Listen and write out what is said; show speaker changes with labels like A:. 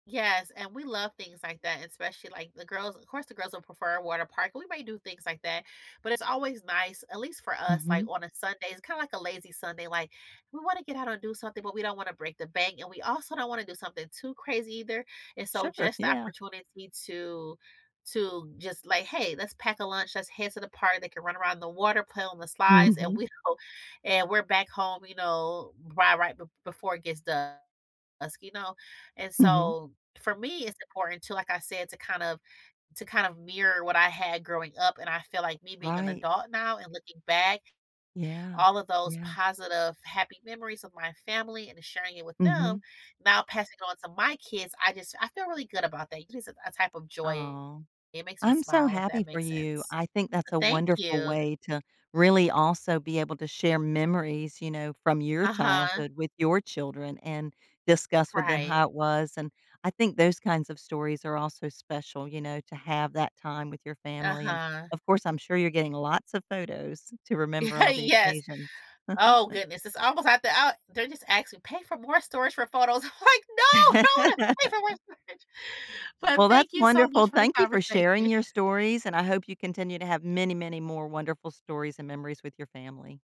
A: Yes, and we love things like that, especially like the girls Of course, the girls will prefer a water park, we might do things like that, but it's always nice, at least for us, like,
B: Mhm.
A: on a Sunday. It's kinda like a lazy Sunday, like, we wanna get out and do something, but we don't wanna break the bank, and we also don't wanna do something too crazy either, and so
B: Sure,
A: just the
B: yeah.
A: opportunity to to just like, "Hey. Let's pack a lunch. Let's head to the park." They can run around the water, play on the slides, and
B: Mhm.
A: we don't and we're back home, you know, right right b before it dusk, you know? And
B: Mhm.
A: so for me, it's important to, like I said, to kind of to kind of mirror what I had growing up, and I feel like me being an
B: Right.
A: adult now and looking back,
B: Yeah.
A: all of those
B: Yeah.
A: positive, happy memories of my family and sharing it with them,
B: Mhm.
A: now passing on to my kids, I just I feel really good about that. It is a a type of joy.
B: Aw.
A: It makes me
B: I'm so
A: smile, if that
B: happy for
A: makes
B: you.
A: sense.
B: I think that's a
A: Thank
B: wonderful
A: you.
B: way to really also be able to share memories, you know, from your
A: Uh-huh.
B: childhood with your children and discuss with them
A: Right.
B: how it was, and, I think those kinds of stories are also special, you know, to have that time with your family, and,
A: Uh-huh.
B: of course, I'm sure you're getting lots of photos to remember all the
A: Yes.
B: occasions.
A: Oh goodness, it's almost at the ou they're just asking pay for more storage for photos. I'm like, "No. I don't wanna pay for more storage." Well,
B: Well,
A: thank
B: that's
A: you so
B: wonderful,
A: much for the
B: thank you for sharing
A: conversation.
B: your stories, and I hope you continue to have many, many more wonderful stories and memories with your family.